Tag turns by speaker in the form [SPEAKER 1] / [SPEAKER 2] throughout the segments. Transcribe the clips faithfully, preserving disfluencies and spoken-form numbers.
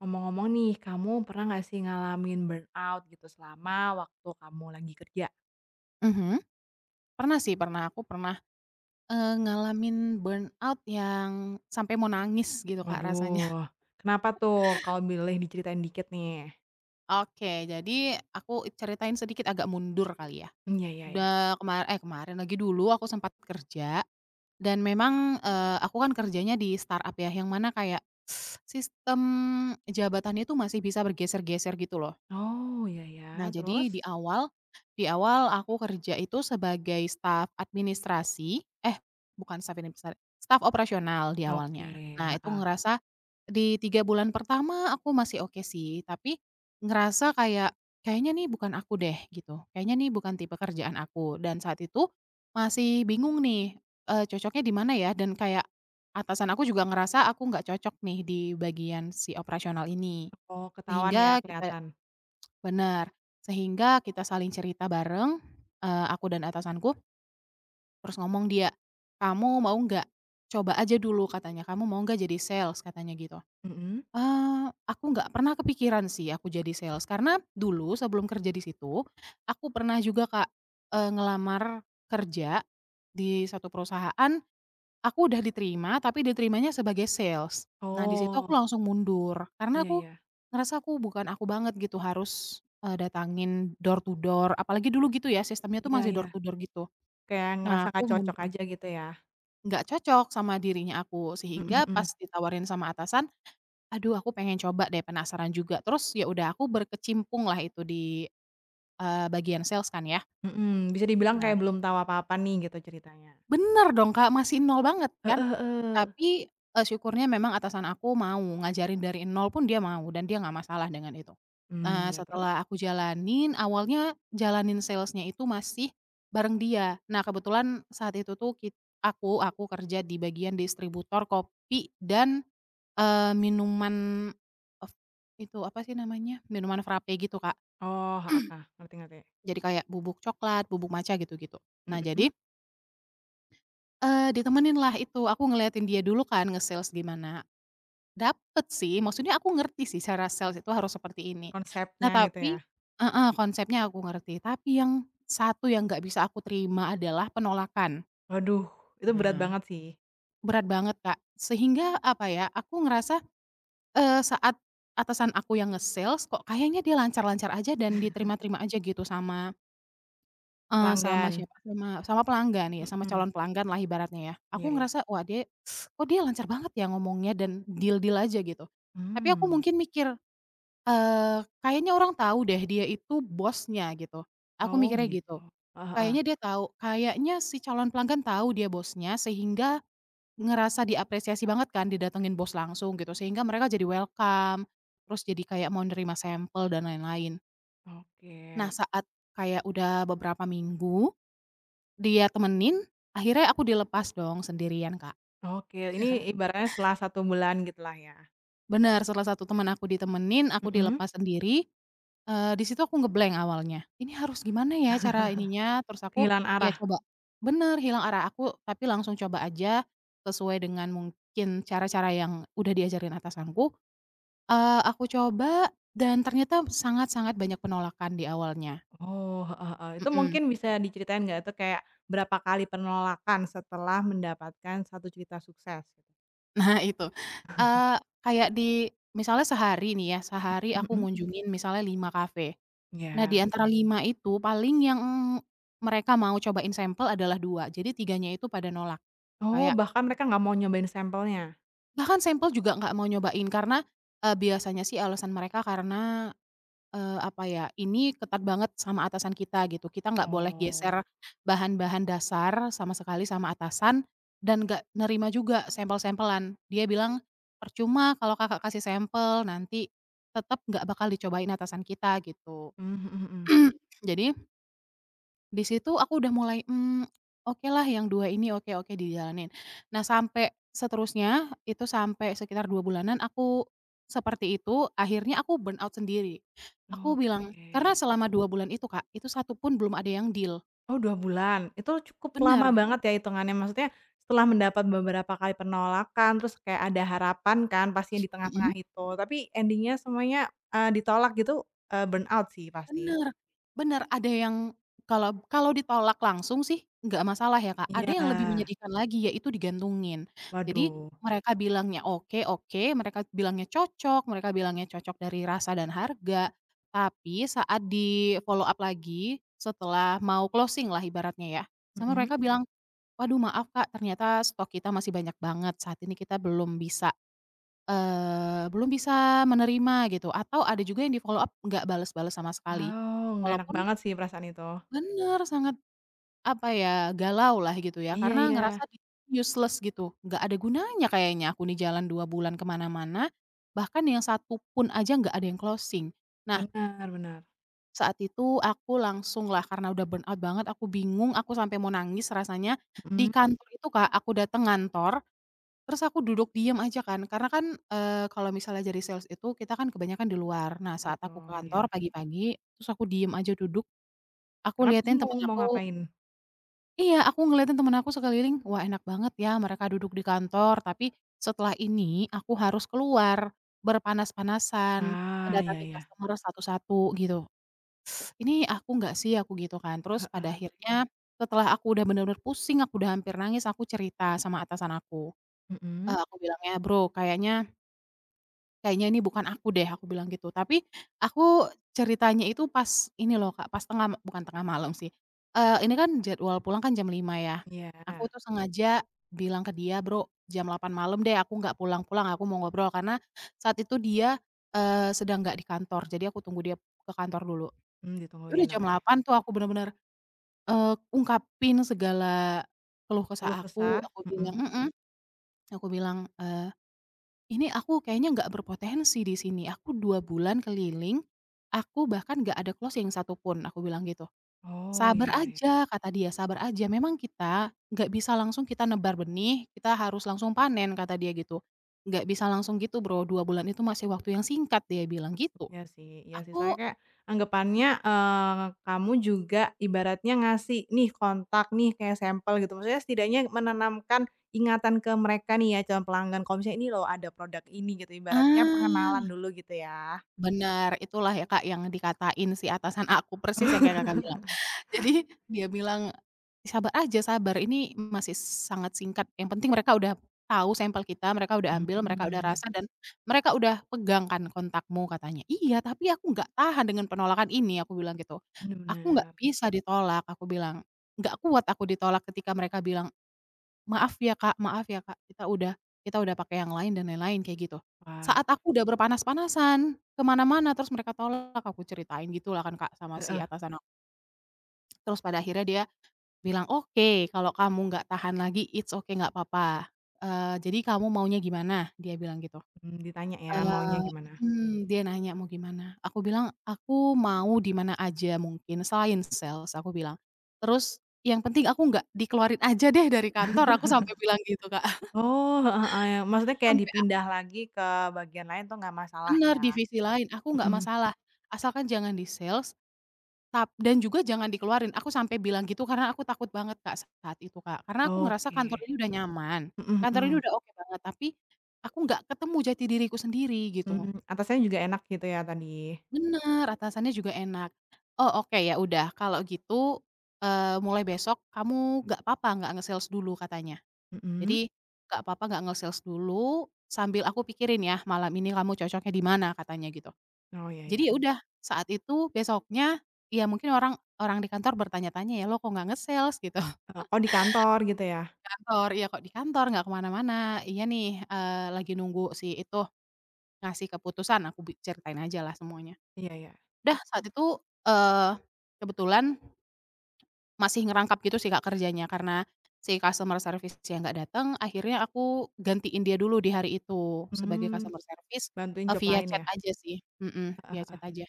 [SPEAKER 1] Ngomong-ngomong nih, kamu pernah nggak sih ngalamin burnout gitu, selama waktu kamu lagi kerja?
[SPEAKER 2] Mhm. Pernah sih pernah, aku pernah, eee, ngalamin burnout yang sampai mau nangis gitu Kak, rasanya.
[SPEAKER 1] Waduh. Kenapa tuh kalau bileh diceritain dikit, nih?
[SPEAKER 2] Oke, jadi aku ceritain sedikit agak mundur kali, ya.
[SPEAKER 1] Mmm, ya ya ya.
[SPEAKER 2] Udah kemar eh, kemarin lagi, dulu aku sempat kerja, dan memang, eee, aku kan kerjanya di start-up ya, yang mana kayak, sistem jabatannya itu masih bisa bergeser-geser, gitu loh.
[SPEAKER 1] Oh, iya iya,
[SPEAKER 2] Nah, jadi
[SPEAKER 1] terus?
[SPEAKER 2] di awal, di awal aku kerja itu sebagai staf administrasi eh, bukan staf [unintelligible] staf operasional di awalnya.
[SPEAKER 1] Oke,
[SPEAKER 2] Nah, itu
[SPEAKER 1] heeh.
[SPEAKER 2] ngerasa di tiga bulan pertama, aku masih oke sih, tapi ngerasa kayak kayaknya nih bukan aku deh, gitu, kayaknya nih bukan tipe kerjaan aku dan saat itu masih bingung nih, eee, cocoknya di mana ya, dan kayak atasan aku juga ngerasa aku nggak cocok nih, di bagian si operasional ini,
[SPEAKER 1] Oh, ketahuan ya,
[SPEAKER 2] sehingga kita
[SPEAKER 1] kelihatan.
[SPEAKER 2] bener, sehingga kita saling cerita bareng, eee, aku dan atasanku terus ngomong dia, "Kamu mau nggak? Coba aja dulu," katanya, "kamu mau nggak jadi sales?" Katanya gitu.
[SPEAKER 1] Mhm?
[SPEAKER 2] Eee, aku nggak pernah kepikiran sih, aku jadi sales, karena dulu sebelum kerja di situ, aku pernah juga Kak, eee, ngelamar kerja di satu perusahaan, aku udah diterima, tapi diterimanya sebagai sales. Nah, di situ aku
[SPEAKER 1] Oh.
[SPEAKER 2] langsung mundur, karena
[SPEAKER 1] Iya
[SPEAKER 2] aku
[SPEAKER 1] iya.
[SPEAKER 2] ngerasa aku bukan aku banget, gitu, harus, eee, datangin door to door, apalagi dulu, gitu ya, sistemnya tuh
[SPEAKER 1] Iya
[SPEAKER 2] masih
[SPEAKER 1] iya.
[SPEAKER 2] door to door, gitu.
[SPEAKER 1] Kayak ngerasa
[SPEAKER 2] Nah, aku
[SPEAKER 1] nggak cocok
[SPEAKER 2] mundur.
[SPEAKER 1] aja gitu, ya.
[SPEAKER 2] Nggak cocok sama dirinya aku,
[SPEAKER 1] Mhm
[SPEAKER 2] sehingga pas
[SPEAKER 1] mhm.
[SPEAKER 2] ditawarin sama atasan, aduh, aku pengen coba deh, penasaran juga, terus ya udah, aku berkecimpunglah itu di, eee, bagian sales kan, ya.
[SPEAKER 1] Mhm, bisa dibilang
[SPEAKER 2] Nah.
[SPEAKER 1] kayak belum tahu apa-apa nih, gitu ceritanya.
[SPEAKER 2] Benar dong, Kak, masih nol banget kan,
[SPEAKER 1] Heeh heeh.
[SPEAKER 2] tapi, eee, syukurnya memang atasan aku mau, ngajarin dari nol pun dia mau, dan dia nggak masalah dengan itu.
[SPEAKER 1] Mmm,
[SPEAKER 2] Eee,
[SPEAKER 1] ya, terus?
[SPEAKER 2] setelah aku jalanin, awalnya jalanin sales-nya itu masih bareng dia. Nah, kebetulan saat itu tuh kit aku aku kerja di bagian distributor kopi dan, eee, minuman of itu apa sih namanya, minuman frappe gitu, Kak.
[SPEAKER 1] Oh, heeh heeh, ngerti ngerti.
[SPEAKER 2] Jadi kayak bubuk coklat, bubuk matcha, gitu-gitu. Nah, jadi
[SPEAKER 1] Mhm.
[SPEAKER 2] Eee, ditemeninlah itu, aku ngeliatin dia dulu kan, nge-sales gimana. Dapat sih, maksudnya aku ngerti sih cara sales itu harus seperti ini. Nah,
[SPEAKER 1] Konsepnya, gitu
[SPEAKER 2] tapi
[SPEAKER 1] ya.
[SPEAKER 2] heeh, konsepnya aku ngerti, tapi yang satu yang nggak bisa aku terima adalah penolakan.
[SPEAKER 1] Waduh. Itu berat
[SPEAKER 2] Nah.
[SPEAKER 1] banget, sih.
[SPEAKER 2] Berat banget, Kak, sehingga, apa ya, aku ngerasa, eee, saat atasan aku yang nge-sales, kok kayaknya dia lancar-lancar aja dan diterima-terima aja gitu sama Eee, sama
[SPEAKER 1] Pelanggan.
[SPEAKER 2] siapa? Sama sama pelanggan, iya sama
[SPEAKER 1] Mhm.
[SPEAKER 2] calon pelangganlah ibaratnya ya.
[SPEAKER 1] Iya
[SPEAKER 2] Aku
[SPEAKER 1] iya.
[SPEAKER 2] ngerasa, "Wah, dia oh, dia lancar banget ya ngomongnya dan deal-deal aja," gitu, tapi aku
[SPEAKER 1] Hmm.
[SPEAKER 2] mungkin mikir, eee, "Kayaknya orang tahu deh dia itu bosnya." Gitu, aku
[SPEAKER 1] Oh,
[SPEAKER 2] mikirnya
[SPEAKER 1] gitu.
[SPEAKER 2] gitu.
[SPEAKER 1] Heeh heeh.
[SPEAKER 2] Kayaknya dia tahu, kayaknya si calon pelanggan tahu dia bosnya sehingga ngerasa diapresiasi banget kan, didatengin bos langsung gitu sehingga mereka jadi welcome, terus jadi kayak mau nerima sampel dan lain-lain.
[SPEAKER 1] Oh
[SPEAKER 2] Nah,
[SPEAKER 1] git
[SPEAKER 2] saat kayak udah beberapa minggu, dia temenin, akhirnya aku dilepas dong sendirian, Kak.
[SPEAKER 1] Oke. Ini ibaratnya setelah satu bulan gitulah ya?
[SPEAKER 2] Benar. Setelah satu teman aku ditemenin, aku
[SPEAKER 1] Mhm.
[SPEAKER 2] dilepas sendiri, eee, di situ aku nge-blank awalnya, "Ini harus gimana ya cara ininya?" Terus aku,
[SPEAKER 1] Kehilangan
[SPEAKER 2] "Iya
[SPEAKER 1] arah.
[SPEAKER 2] coba" bener, hilang arah aku, tapi langsung coba aja sesuai dengan mungkin cara-cara yang udah diajarin atasanku, eee, aku coba dan ternyata sangat-sangat banyak penolakan di awalnya.
[SPEAKER 1] Oh, heeh heeh. Itu
[SPEAKER 2] Mhm.
[SPEAKER 1] mungkin bisa diceritain enggak atau kayak berapa kali penolakan setelah mendapatkan satu cerita sukses.
[SPEAKER 2] Nah itu, eee, kayak di misalnya sehari nih ya, sehari aku
[SPEAKER 1] Mhm.
[SPEAKER 2] ngunjungin misalnya lima kafe. Nah, di
[SPEAKER 1] Iya.
[SPEAKER 2] antara lima itu, paling yang mereka mau cobain sampel adalah dua, jadi tiganya itu pada nolak.
[SPEAKER 1] Oh,
[SPEAKER 2] Kayak
[SPEAKER 1] bahkan mereka nggak mau nyobain sampelnya?
[SPEAKER 2] Bahkan sampel juga nggak mau nyobain, karena, eee, biasanya sih alasan mereka karena, eee, apa ya, "Ini ketat banget sama atasan kita," gitu, "kita nggak boleh
[SPEAKER 1] Oh.
[SPEAKER 2] geser bahan-bahan dasar sama sekali sama atasan. Dan nggak nerima juga sampel-sampelan." Dia bilang, "Percuma kalau Kakak kasih sampel, nanti tetap nggak bakal dicobain atasan kita," gitu.
[SPEAKER 1] Mmm, mhm mhm.
[SPEAKER 2] Jadi di situ aku udah mulai, mmm, oke lah, yang dua ini oke oke, dijalanin. Nah, sampai seterusnya itu sampai sekitar dua bulanan aku seperti itu, akhirnya aku burnout sendiri. Aku
[SPEAKER 1] Oh.
[SPEAKER 2] bilang karena
[SPEAKER 1] Oke.
[SPEAKER 2] selama dua bulan itu, Kak, itu satu pun belum ada yang deal.
[SPEAKER 1] Oh, dua bulan. Itu cukup lama
[SPEAKER 2] Bener.
[SPEAKER 1] banget ya hitungannya, maksudnya setelah mendapat beberapa kali penolakan, terus kayak ada harapan kan pastinya di
[SPEAKER 2] Mhm.
[SPEAKER 1] tengah-tengah itu, tapi ending-nya, semuanya, eee, ditolak gitu, eee, burnout sih, pasti.
[SPEAKER 2] Bener. Bener, ada yang kalau b kalau ditolak langsung sih nggak masalah ya, Kak, ada yang lebih
[SPEAKER 1] Iya.
[SPEAKER 2] menyedihkan lagi, yaitu digantungin. Jadi
[SPEAKER 1] Waduh.
[SPEAKER 2] mereka bilangnya "oke, oke," mereka bilangnya cocok, mereka bilangnya cocok dari rasa dan harga, tapi saat di-follow-up lagi- setelah mau closing lah ibaratnya ya, sama
[SPEAKER 1] Mhm.
[SPEAKER 2] mereka bilang, "Waduh maaf Kak, ternyata stok kita masih banyak banget, saat ini kita belum bisa, eee, belum bisa menerima," gitu, atau ada juga yang di-follow-up nggak bales-bales sama sekali.
[SPEAKER 1] Oh, nggak enak
[SPEAKER 2] Walaupun
[SPEAKER 1] banget sih, perasaan itu.
[SPEAKER 2] Bener, sangat, apa ya, galau lah gitu ya,
[SPEAKER 1] Iya
[SPEAKER 2] karena ngerasa
[SPEAKER 1] iya.
[SPEAKER 2] useless gitu, nggak ada gunanya kayaknya aku nih jalan dua bulan ke mana-mana. Bahkan yang satu pun aja nggak ada yang closing. Nah
[SPEAKER 1] Bener, bener.
[SPEAKER 2] Saat itu aku langsunglah karena udah burnout banget aku bingung aku sampai mau nangis rasanya, di
[SPEAKER 1] Mhm.
[SPEAKER 2] kantor itu Kak aku dateng ngantor, terus aku duduk diam aja kan, karena kan, eee, kalau misalnya jadi sales itu kita kan kebanyakan di luar. Nah saat aku ke
[SPEAKER 1] Betul,
[SPEAKER 2] kantor
[SPEAKER 1] iya.
[SPEAKER 2] pagi-pagi, terus aku diam aja duduk. Aku
[SPEAKER 1] Karena
[SPEAKER 2] lihatin temen
[SPEAKER 1] bingung mau
[SPEAKER 2] aku
[SPEAKER 1] ngapain.
[SPEAKER 2] Iya, aku ngeliatin temen aku sekeliling, wah enak banget ya mereka duduk di kantor, tapi setelah ini aku harus keluar, berpanas-panasan,
[SPEAKER 1] Ah, iya
[SPEAKER 2] mendatangi
[SPEAKER 1] iya.
[SPEAKER 2] customer satu-satu gitu. "Ini aku nggak sih?" Aku gitu kan, terus pada
[SPEAKER 1] Heeh.
[SPEAKER 2] akhirnya setelah aku udah bener-bener pusing, aku udah hampir nangis, aku cerita sama atasan aku, eee,
[SPEAKER 1] Mhm.
[SPEAKER 2] aku bilangnya, "Bro, kayaknya" "kayaknya ini bukan aku deh," aku bilang gitu, tapi aku ceritanya itu pas ini loh Kak pas tengah bukan tengah malam sih, eee, ini kan jadwal pulang kan jam lima ya. Aku
[SPEAKER 1] Iya.
[SPEAKER 2] tuh sengaja bilang ke dia, "Bro jam delapan malam deh aku nggak pulang-pulang aku mau ngobrol," karena saat itu dia, eee, sedang nggak di kantor, jadi aku tunggu dia ke kantor dulu.
[SPEAKER 1] Mmm,
[SPEAKER 2] Ya udah
[SPEAKER 1] ditungguin,
[SPEAKER 2] jam
[SPEAKER 1] oke.
[SPEAKER 2] delapan tuh aku bener-bener, eee, ungkapin segala keluh kesah
[SPEAKER 1] Keluh
[SPEAKER 2] aku,
[SPEAKER 1] kesah,
[SPEAKER 2] aku bilang
[SPEAKER 1] mhm.
[SPEAKER 2] mhm. Aku bilang, eee, "Ini aku kayaknya nggak berpotensi di sini, aku dua bulan keliling. Aku bahkan nggak ada closing yang satu pun," aku bilang gitu.
[SPEAKER 1] Oh, iya
[SPEAKER 2] "Sabar
[SPEAKER 1] iya iya.
[SPEAKER 2] aja," kata dia, "sabar aja memang kita nggak bisa langsung kita nebar benih, kita harus langsung panen," kata dia gitu. "Nggak bisa langsung gitu Bro, dua bulan itu masih waktu yang singkat," dia bilang gitu.
[SPEAKER 1] Iya sih iya sih.
[SPEAKER 2] Aku
[SPEAKER 1] Soalnya kayak, anggepannya,
[SPEAKER 2] mhm.
[SPEAKER 1] eee, kamu juga ibaratnya ngasih, "Nih kontak nih," kayak sampel gitu. Maksudnya setidaknya menanamkan ingatan ke mereka nih ya, calon pelanggan kalau misalnya, "Ini loh ada produk ini," gitu. Ibaratnya pengenalan
[SPEAKER 2] Ah.
[SPEAKER 1] dulu gitu ya.
[SPEAKER 2] Benar, itulah ya Kak yang dikatain si atasan aku persis yang kayak Kakak bilang. Jadi dia bilang, "Sabar aja, sabar, ini masih sangat singkat, yang penting mereka udah tahu sampel kita, mereka udah ambil, mereka udah
[SPEAKER 1] Mmm.
[SPEAKER 2] rasa, dan mereka udah pegang kan kontakmu," katanya. "Iya, tapi aku nggak tahan dengan penolakan ini," aku bilang gitu. "Aku nggak
[SPEAKER 1] Bener.
[SPEAKER 2] bisa ditolak," aku bilang. "Nggak kuat aku ditolak ketika mereka bilang, 'maaf ya Kak maaf ya Kak, kita udah kita udah pakai yang lain,' dan lain-lain," kayak gitu. "Saat
[SPEAKER 1] Wah.
[SPEAKER 2] aku udah berpanas-panasan, ke mana-mana terus mereka tolak," aku ceritain gitu lah kan Kak sama si
[SPEAKER 1] Heeh.
[SPEAKER 2] atasan ak Terus pada akhirnya dia bilang, "Oke, kalau kamu nggak tahan lagi, it's ok, nggak papa, eee, jadi kamu maunya gimana?" Dia bilang gitu.
[SPEAKER 1] Mmm, ditanya ya maunya
[SPEAKER 2] Eee
[SPEAKER 1] gimana.
[SPEAKER 2] mhm. Dia nanya, "Mau gimana?" Aku bilang, "Aku mau di mana aja mungkin, selain sales," aku bilang, terus, "Yang penting aku nggak dikeluarin aja deh dari kantor," aku sampai bilang gitu Kak.
[SPEAKER 1] Oh, heeh, a ya maksudnya kayak
[SPEAKER 2] Sampai ak
[SPEAKER 1] dipindah lagi ke bagian lain tuh nggak masalah
[SPEAKER 2] Bener,
[SPEAKER 1] ya?
[SPEAKER 2] "Divisi lain aku nggak
[SPEAKER 1] Mhm.
[SPEAKER 2] masalah asalkan jangan di sales. Tap dan juga jangan dikeluarin," aku sampai bilang gitu karena aku takut banget Kak saat itu, Kak, karena aku ngerasa kantor
[SPEAKER 1] Oke.
[SPEAKER 2] ini udah nyaman,
[SPEAKER 1] Mhm
[SPEAKER 2] kantor ini
[SPEAKER 1] mhm.
[SPEAKER 2] udah oke banget, tapi aku nggak ketemu jati diriku sendiri gitu.
[SPEAKER 1] Mmm, atasannya juga enak gitu ya tadi.
[SPEAKER 2] Bener, atasannya juga enak. "Oh, oke ya, udah kalau gitu, eee, mulai besok kamu nggak papa nggak nge-sales dulu," katanya.
[SPEAKER 1] Mhm.
[SPEAKER 2] "Jadi, nggak papa gak nge-sales dulu, sambil aku pikirin ya malam ini kamu cocoknya di mana," katanya gitu.
[SPEAKER 1] Oh, iya
[SPEAKER 2] Jadi ya
[SPEAKER 1] iya.
[SPEAKER 2] udah saat itu besoknya iya mungkin orang orang di kantor bertanya-tanya ya, "Lo kok nggak nge-sales?" Gitu.
[SPEAKER 1] "Eee, kok di kantor?" Gitu ya.
[SPEAKER 2] Kantor "Iya kok di kantor, nggak kemana-mana." "Iya nih, eee, lagi nunggu si itu ngasih keputusan," aku bi ceritain aja lah semuanya.
[SPEAKER 1] Iya iya.
[SPEAKER 2] Dah saat itu, eee, kebetulan ...masih ngerangkap gitu sih Kak kerjanya karena si customer service-nya nggak datang, akhirnya aku gantiin dia dulu di hari itu, sebagai
[SPEAKER 1] Mmm.
[SPEAKER 2] customer service,
[SPEAKER 1] Bantuin
[SPEAKER 2] eee,
[SPEAKER 1] job
[SPEAKER 2] via
[SPEAKER 1] lain
[SPEAKER 2] chat
[SPEAKER 1] ya.
[SPEAKER 2] aja sih, mhm,
[SPEAKER 1] Heeh
[SPEAKER 2] via
[SPEAKER 1] heeh.
[SPEAKER 2] chat aja.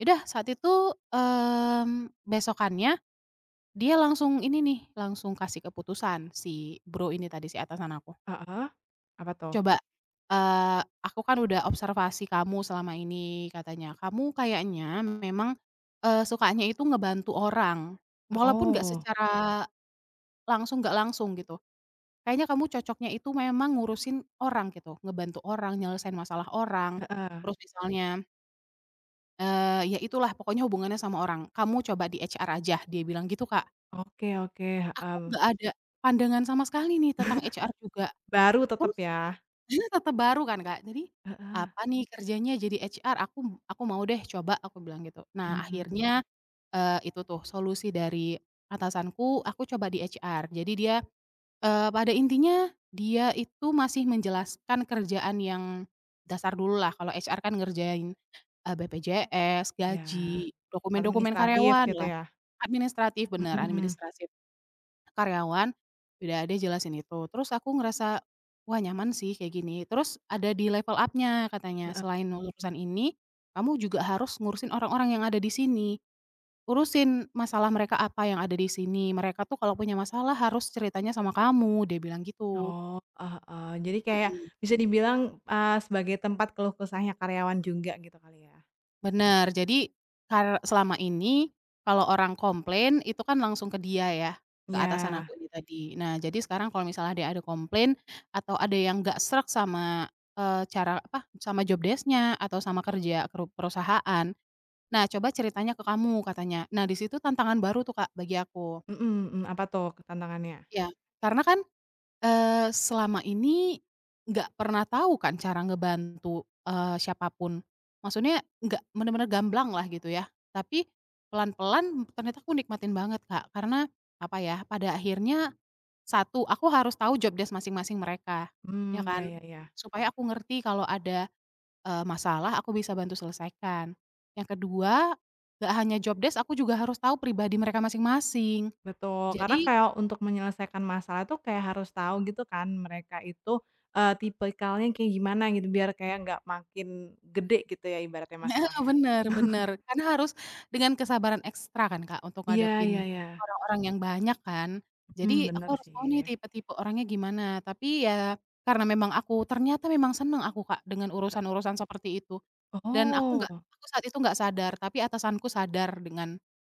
[SPEAKER 2] Ya udah saat itu, mmm, besokannya dia langsung ini nih, langsung kasih keputusan si bro ini tadi si atasan aku.
[SPEAKER 1] Heeh. Apa tuh?
[SPEAKER 2] "Coba, eee, aku kan udah observasi kamu selama ini," katanya, "kamu kayaknya memang, eee, sukanya itu ngebantu orang walaupun nggak
[SPEAKER 1] Oh.
[SPEAKER 2] secara langsung, nggak langsung gitu. Kayaknya kamu cocoknya itu memang ngurusin orang, gitu, ngebantu orang, nyelesain masalah orang,
[SPEAKER 1] Heeh.
[SPEAKER 2] terus misalnya" "Eee, ya itulah pokoknya hubungannya sama orang, kamu coba di HR aja," dia bilang gitu Kak.
[SPEAKER 1] Oke, oke,
[SPEAKER 2] Aku
[SPEAKER 1] heeh.
[SPEAKER 2] nggak ada pandangan sama sekali nih tentang HR juga.
[SPEAKER 1] Baru, tetap
[SPEAKER 2] Terus,
[SPEAKER 1] ya.
[SPEAKER 2] [unintelligible] tata baru kan Kak, jadi,
[SPEAKER 1] Heeh.
[SPEAKER 2] "Apa nih kerjanya jadi HR? aku aku mau deh coba," aku bilang gitu. Nah
[SPEAKER 1] Mmm.
[SPEAKER 2] akhirnya, eee, itu tuh solusi dari atasanku, aku coba di HR. Jadi dia, eee, pada intinya dia itu masih menjelaskan kerjaan yang dasar dulu lah, kalau HR kan ngerjain, eee, BPJS,
[SPEAKER 1] Iya.
[SPEAKER 2] gaji, dokumen-dokumen
[SPEAKER 1] Administratif, gitu
[SPEAKER 2] karyawanlah.
[SPEAKER 1] ya.
[SPEAKER 2] Administratif, benar,
[SPEAKER 1] Mhm.
[SPEAKER 2] animidistrasi karyawan. Ya, dia jelasin itu, terus aku ngerasa, "Wah nyaman sih kayak gini," terus ada di level up-nya katanya,
[SPEAKER 1] Heeh.
[SPEAKER 2] "Selain urusan ini kamu juga harus ngurusin orang-orang yang ada di sini. Urusin masalah mereka apa yang ada di sini. Mereka tuh kalau punya masalah harus ceritanya sama kamu," dia bilang gitu.
[SPEAKER 1] Oh, heeh heeh, jadi kayak
[SPEAKER 2] Mhm.
[SPEAKER 1] bisa dibilang, eee, sebagai tempat keluh kesahnya karyawan juga gitu kali ya.
[SPEAKER 2] Benar, jadi kar selama ini kalau orang komplain itu kan langsung ke dia ya, ke atasan
[SPEAKER 1] Iya.
[SPEAKER 2] aku ini tadi. "Nah, jadi sekarang kalau misalnya dia ada komplain, atau ada yang nggak sreg sama, eee, cara, apa, sama job desc-nya atau sama kerja keru perusahaan. Nah, coba ceritanya ke kamu", katanya. Nah, di situ tantangan baru tuh, Kak, bagi aku.
[SPEAKER 1] Mhm mhm, apa tuh tantangannya?
[SPEAKER 2] Iya, karena kan, eee, selama ini nggak pernah tahu kan cara ngebantu, eee, siapapun. Maksudnya nggak benar-benar gamblang lah, gitu ya, tapi pelan-pelan ternyata aku nikmatin banget, Kak, karena, apa ya, pada akhirnya, satu aku harus tahu job desc masing-masing mereka, iya
[SPEAKER 1] Mmm, iya
[SPEAKER 2] kan?
[SPEAKER 1] iya iya.
[SPEAKER 2] Supaya aku ngerti kalau ada, eee, masalah aku bisa bantu selesaikan. Yang kedua nggak hanya job desc, aku juga harus tahu pribadi mereka masing-masing,
[SPEAKER 1] Betul, karena
[SPEAKER 2] jadi
[SPEAKER 1] kayak untuk menyelesaikan masalah tuh kayak harus tahu, gitu kan, mereka itu, eee, tipikalnya kayak gimana, gitu, biar kayak nggak makin gede, gitu ya, ibaratnya
[SPEAKER 2] Heeh,
[SPEAKER 1] masalahnya.
[SPEAKER 2] benar benar, karena harus dengan kesabaran ekstra kan, Kak, untuk
[SPEAKER 1] Iya iya
[SPEAKER 2] ngadepin
[SPEAKER 1] iya.
[SPEAKER 2] orang-orang yang banyak kan? Jadi
[SPEAKER 1] Mmm,
[SPEAKER 2] aku
[SPEAKER 1] benar
[SPEAKER 2] harus tahu nih,
[SPEAKER 1] sih.
[SPEAKER 2] tipe-tipe orangnya gimana. Tapi ya, karena memang aku ternyata memang senang aku, Kak, dengan urusan-urusan seperti itu. Dan aku nggak
[SPEAKER 1] Oh.
[SPEAKER 2] aku saat itu nggak sadar, tapi atasanku sadar dengan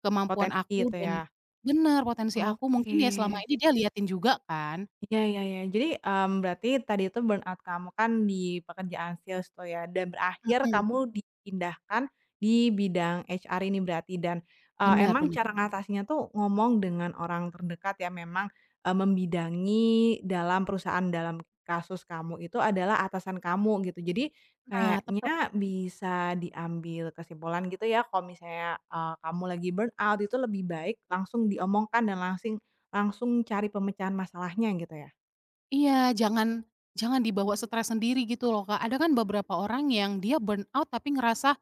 [SPEAKER 2] kemampuan
[SPEAKER 1] Potensi
[SPEAKER 2] aku
[SPEAKER 1] itu,
[SPEAKER 2] dan
[SPEAKER 1] ya.
[SPEAKER 2] benar, potensi aku mungkin ya
[SPEAKER 1] Oke.
[SPEAKER 2] selama ini dia liatin juga, kan?
[SPEAKER 1] Iya iya iya. Jadi, mmm, berarti tadi itu burnout kamu kan di pekerjaan sales tuh ya, dan berakhir
[SPEAKER 2] Heeh.
[SPEAKER 1] kamu dipindahkan di bidang HR ini berarti dan, eee,
[SPEAKER 2] Benar
[SPEAKER 1] emang
[SPEAKER 2] benar.
[SPEAKER 1] cara ngatasinya tuh ngomong dengan orang terdekat yang memang, eee, membidangi dalam perusahaan dalam kasus kamu itu adalah atasan kamu, gitu. Jadi,
[SPEAKER 2] Nah, tepat.
[SPEAKER 1] kayaknya bisa diambil kesimpulan, gitu ya, kalau misalnya, eee, kamu lagi burnout itu lebih baik langsung diomongkan dan langsing langsung cari pemecahan masalahnya, gitu ya.
[SPEAKER 2] Iya, jangan jangan dibawa stres sendiri gitu loh Kak. Ada kan beberapa orang yang dia burnout tapi ngerasa,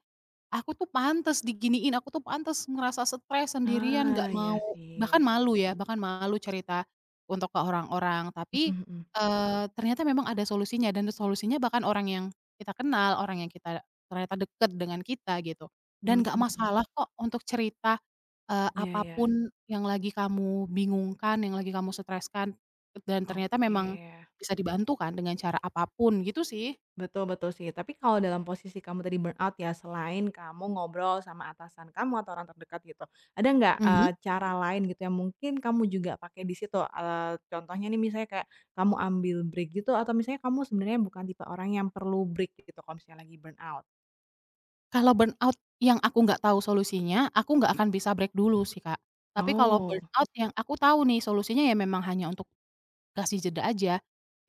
[SPEAKER 2] "Aku tuh pantes diginiin, aku tuh pantes ngerasa stres, sendirian,"
[SPEAKER 1] Ah,
[SPEAKER 2] nggak
[SPEAKER 1] iya
[SPEAKER 2] mau bahkan
[SPEAKER 1] sih.
[SPEAKER 2] malu ya, bahkan malu cerita untuk ke orang-orang. Tapi,
[SPEAKER 1] Mhm mhm.
[SPEAKER 2] eee, ternyata memang ada solusinya dan solusinya bahkan orang yang kita kenal, orang yang kita ternyata dekat dengan kita, gitu.
[SPEAKER 1] Mmm,
[SPEAKER 2] Dan nggak
[SPEAKER 1] mhm.
[SPEAKER 2] masalah kok untuk cerita, eee,
[SPEAKER 1] Iya
[SPEAKER 2] apa
[SPEAKER 1] iya.
[SPEAKER 2] pun yang lagi kamu bingungkan, yang lagi kamu streskan. Dan ternyata memang,
[SPEAKER 1] Oke.
[SPEAKER 2] bisa dibantu kan dengan cara apa pun, gitu sih.
[SPEAKER 1] Betul betul sih, tapi kalau dalam posisi kamu tadi burnout ya, selain kamu ngobrol sama atasan kamu atau orang terdekat gitu, ada nggak,
[SPEAKER 2] Mhm.
[SPEAKER 1] eee, cara lain gitu yang mungkin kamu juga pakai di situ, eee, contohnya nih misalnya kayak kamu ambil break gitu atau misalnya kamu sebenarnya bukan tipe orang yang perlu break gitu kalau misalnya lagi burnout?
[SPEAKER 2] Kalau burnout yang aku nggak tahu solusinya, aku nggak akan bisa break dulu sih, Kak. Tapi kalau
[SPEAKER 1] Oh.
[SPEAKER 2] burnout yang aku tahu nih solusinya ya memang hanya untuk kasih jeda aja,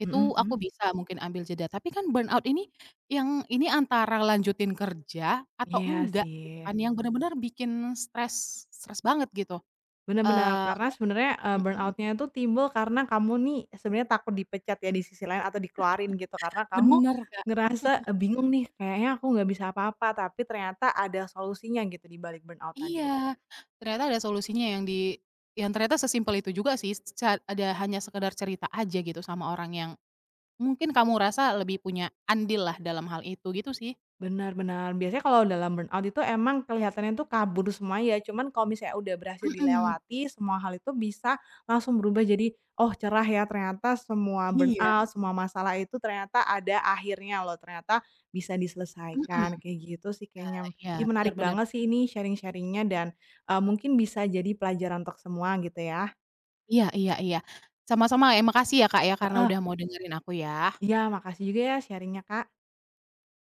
[SPEAKER 2] itu
[SPEAKER 1] Mhm mhm.
[SPEAKER 2] aku bisa mungkin ambil jeda, tapi kan burnout ini yang ini antara lanjutin kerja atau
[SPEAKER 1] Iya
[SPEAKER 2] enggak gitu
[SPEAKER 1] sih.
[SPEAKER 2] kan, yang benar-benar bikin stres, stres banget gitu.
[SPEAKER 1] Benar benar,
[SPEAKER 2] Eee
[SPEAKER 1] karena sebenarnya, eee,
[SPEAKER 2] mhm.
[SPEAKER 1] burnout-nya itu timbul karena kamu nih sebenernya takut dipecat ya di sisi lain atau dikeluarin gitu, karena kamu
[SPEAKER 2] Benar, Kak.
[SPEAKER 1] ngerasa, "Eee, bingung nih kayaknya aku nggak bisa apa-apa," tapi ternyata ada solusinya gitu di balik burnout tadi.
[SPEAKER 2] Iya, ternyata ada solusinya yang di yang ternyata sesimpel itu juga sih, seca ada hanya sekedar cerita aja gitu sama orang yang mungkin kamu rasa lebih punya andillah dalam hal itu, gitu sih.
[SPEAKER 1] Benar benar. Biasanya kalau dalam burnout itu emang kelihatannya tuh kabur semua ya, cuman kalau misalnya udah berhasil
[SPEAKER 2] Mhm.
[SPEAKER 1] dilewati, semua hal itu bisa langsung berubah jadi, "Oh cerah ya, ternyata semua
[SPEAKER 2] Iya.
[SPEAKER 1] burnout, semua masalah itu ternyata ada akhirnya loh, ternyata bisa
[SPEAKER 2] Mhm.
[SPEAKER 1] diselesaikan." kayak gitu sih kayaknya.
[SPEAKER 2] Iya iya,
[SPEAKER 1] Ih
[SPEAKER 2] benar
[SPEAKER 1] menarik
[SPEAKER 2] benar
[SPEAKER 1] banget
[SPEAKER 2] benar.
[SPEAKER 1] sih ini sharing-sharing-nya dan, eee, mungkin bisa jadi pelajaran untuk semua gitu ya.
[SPEAKER 2] Iya iya iya, sama-sama ya, makasih ya, Kak ya karena
[SPEAKER 1] Heeh.
[SPEAKER 2] udah mau dengerin aku ya.
[SPEAKER 1] Iya, makasih juga ya sharing-nya Kak.